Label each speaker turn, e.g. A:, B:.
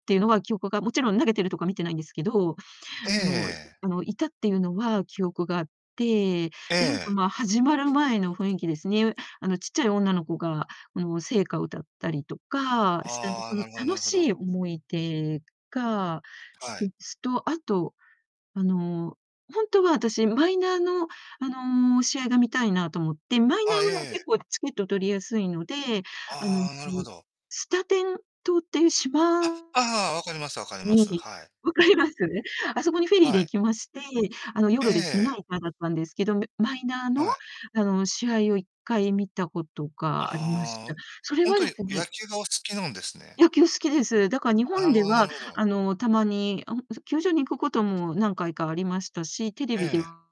A: ていうのは記憶がもちろん投げてるとこは見てないんですけど、
B: え
A: あの
B: え。
A: あの、いたっていうのは記憶があって、
B: え
A: でいうと、
B: え。
A: ま、始まる前の雰囲気ですね。あの、ちっちゃい女の子があの、聖歌を歌ったりとかしなんか
B: あ
A: そ
B: あ、
A: の
B: なるほどな
A: 楽
B: るほ
A: しい
B: ど。
A: 思い出が一
B: はい。
A: つと、あと、あの、ほんとは私マイナーのあの、試合が観たいなと思って、マイナ
B: あ、え
A: ーは
B: え。
A: 結構チケット取りやすいので、あの
B: あ、なるほど。
A: スタテン島っていう島
B: あ、ああ、わかりますわかります、
A: に
B: はい。
A: 分かります？あそこにフェリーで
B: は
A: 行
B: い。
A: きまして、あの、夜ですね、
B: ええ。
A: ナイターだったんですけど、みマイナーの、
B: はい。
A: あの、試合を1回観たたことがありまし
B: ああ、
A: た。それ
B: ほん
A: は
B: と
A: で
B: に
A: すね
B: 野球がお好きなんですね。
A: 野球好きです。だか日
B: あ
A: 本
B: る
A: で
B: ほど、なる
A: は
B: ほど。
A: あの、たまに、あ、ほあ、そ球場に行くことも何回かありましたし、テレビで
B: ええ。
A: は